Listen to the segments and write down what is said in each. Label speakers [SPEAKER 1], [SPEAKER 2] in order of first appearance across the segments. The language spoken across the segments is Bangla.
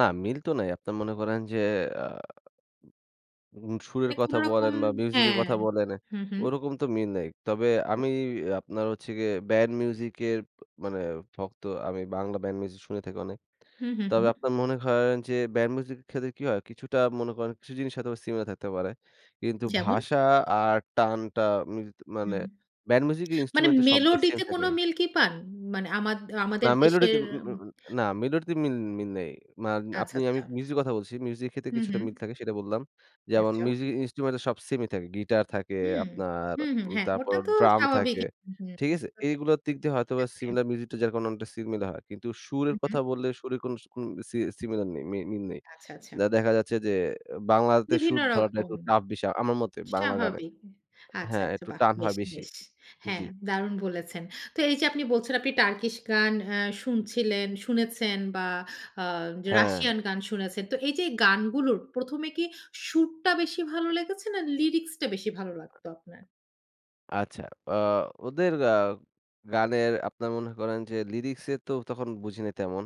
[SPEAKER 1] না মিল তো নাই। আপনারা মনে করেন যে আ উম সুরের
[SPEAKER 2] মানে
[SPEAKER 1] কথা
[SPEAKER 2] কোনো রকম
[SPEAKER 1] বলেন বা মিউজিকের
[SPEAKER 2] হ্যাঁ,
[SPEAKER 1] কথা বলেন,
[SPEAKER 2] হু, হু।
[SPEAKER 1] ওইরকম তো মিল নেই। তবে আমি
[SPEAKER 2] [unintelligible]
[SPEAKER 1] অ্যা আপনার হচ্ছে গিয়ে ব্যান্ড মিউজিক এর ব মানে ভক্ত। আমি বাংলা ব্যান্ড মিউজিক শুনে থাকি অনেক।
[SPEAKER 2] হু, হু,
[SPEAKER 1] তবে
[SPEAKER 2] হু।
[SPEAKER 1] আপনার মনে করেন যে ব্যান্ড মিউজিক এর ক্ষেত্রে কি হয়? কিছুটা মনে করেন, কিছু জিনিস হয়তোবা সিমিলার থাকতে পারে। কিন্তু
[SPEAKER 2] যেমন?
[SPEAKER 1] ভাষা আর টানটা মিলত মানে
[SPEAKER 2] হুম।
[SPEAKER 1] ব্যান্ড মিউজিক এর
[SPEAKER 2] মানে
[SPEAKER 1] ইন্সট্রুমেন্ট তো সব যে সেম
[SPEAKER 2] মেলোডিতে
[SPEAKER 1] থাকে
[SPEAKER 2] কোনো মিল কি পান? মানে আমাদ
[SPEAKER 1] না
[SPEAKER 2] আমাদের দেশের
[SPEAKER 1] মেলোডিতে উম উম উম
[SPEAKER 2] উম
[SPEAKER 1] উম না মেলোডিতে মিল মিল নেই। মান
[SPEAKER 2] আচ্ছা,
[SPEAKER 1] আপনি আমি
[SPEAKER 2] আচ্ছা।
[SPEAKER 1] মিউজিক কথা বলছি। মিউজিকের ক্ষেত্রে
[SPEAKER 2] হু,
[SPEAKER 1] কিছুটা
[SPEAKER 2] হু।
[SPEAKER 1] মিল থাকে সেটা বললাম। যেমন
[SPEAKER 2] আচ্ছা।
[SPEAKER 1] মিউজিক ইন্সট্রুমেন্ট সব সেমই থাকে। গিটার থাকে
[SPEAKER 2] হুম।
[SPEAKER 1] আপনার,
[SPEAKER 2] হু, হু,
[SPEAKER 1] উম
[SPEAKER 2] হ্যাঁ, ওটা
[SPEAKER 1] তারপর
[SPEAKER 2] তো
[SPEAKER 1] ড্রাম থাকে,
[SPEAKER 2] স্বাভাবিকই। হু,
[SPEAKER 1] ঠিক আছে?
[SPEAKER 2] হু
[SPEAKER 1] এইগুলার দিক দিয়ে হয়তোবা
[SPEAKER 2] [unintelligible] থাকবে।
[SPEAKER 1] সিমিলার মিউজিক যার কারণে অনেকটা সিমিলার হয়। কিন্তু
[SPEAKER 2] হু,
[SPEAKER 1] সুরের
[SPEAKER 2] হু।
[SPEAKER 1] কথা বললে, সুরে কোনো স কোনো সি সিমিলার নেই, মি মিল নেই।
[SPEAKER 2] আচ্ছা, আচ্ছা।
[SPEAKER 1] দে দেখা যাচ্ছে যে বাংলাতে
[SPEAKER 2] বিভিন্ন
[SPEAKER 1] সুর ধরাটা
[SPEAKER 2] রকম।
[SPEAKER 1] একটু টাফ বিষয় আমার মতে, বাংলা গানে
[SPEAKER 2] স্বাভাবিক। এহ আচ্ছা,
[SPEAKER 1] হ্যাঁ,
[SPEAKER 2] আচ্ছা
[SPEAKER 1] একটু
[SPEAKER 2] বাহ!
[SPEAKER 1] টান
[SPEAKER 2] বেশ,
[SPEAKER 1] হয় বেশি।
[SPEAKER 2] বেশ।
[SPEAKER 1] জি।
[SPEAKER 2] হ্যাঁ, দারুন বলেছেন। তো এইযে আপনি বলছেন আপনি টার্কিশ গান অ্যা শুনছিলেন, শুনেছেন বা আ য
[SPEAKER 1] হ্যাঁ।
[SPEAKER 2] রাশিয়ান গান শুনেছেন। তো এইযে গানগুলোর ১ম এ কি সুরটা বেশি ভালো লেগেছে না লিরিক্স টা বেশি ভালো লাগতো আপনার?
[SPEAKER 1] আচ্ছা, অ্যা ওদের আ গানের আপনার মনে করেন যে লিরিক্সে তো তখন বুঝি নে তেমন,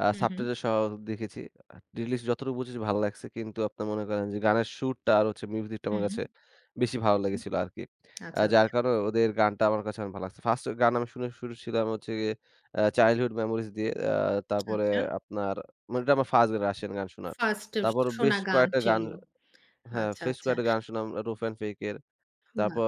[SPEAKER 1] আ
[SPEAKER 2] হু, হু।
[SPEAKER 1] সাবটাইটেল সহ দেখেছি। আ লিরিক্স যতটুকু বুঝেছি ভালো লাগছে। কিন্তু আপনারা মনে করেন যে গানের সুরটা আর হচ্ছে মিউজিকটা
[SPEAKER 2] হু।
[SPEAKER 1] আমার
[SPEAKER 2] হু,
[SPEAKER 1] কাছে বেশি ভালো
[SPEAKER 2] হু।
[SPEAKER 1] লেগেছিল আরকি। আ
[SPEAKER 2] আচ্ছা,
[SPEAKER 1] যার
[SPEAKER 2] আচ্ছা।
[SPEAKER 1] কারনে ওদের গানটা আমার কাছে ভালো লাগছে। 1st গান আমি শুনে শুর ছিলাম হচ্ছে গিয়ে অ্যা 'Childhood Memories' দিয়ে। অ্যা তারপরে
[SPEAKER 2] আচ্ছা।
[SPEAKER 1] আপনার মানে এটা আমার 1st রাশিয়ান গান শোনা।
[SPEAKER 2] 1st এ
[SPEAKER 1] তারপর বেশ
[SPEAKER 2] শোনা গান
[SPEAKER 1] কয়েকটা গান
[SPEAKER 2] ছিল।
[SPEAKER 1] হ্যাঁ,
[SPEAKER 2] আচ্ছা,
[SPEAKER 1] ফেস
[SPEAKER 2] আচ্ছা।
[SPEAKER 1] কয়েকটা গান শুনলাম roof and Fate এর।
[SPEAKER 2] বাহ!
[SPEAKER 1] তারপর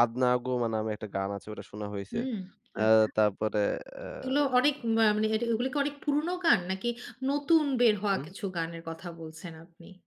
[SPEAKER 1] 'Adnagoma' নামে একটা গান আছে ওটা শোনা হইছে।
[SPEAKER 2] হুম,
[SPEAKER 1] অ্যা
[SPEAKER 2] আচ্ছা।
[SPEAKER 1] তারপরে অ্যা
[SPEAKER 2] এগুলো অনেক মা মানে এট এগুলো কি অনেক পুরনো গান? নাকি নতুন বের হওয়া
[SPEAKER 1] হুম।
[SPEAKER 2] কিছু গানের কথা বলছেন আপনি?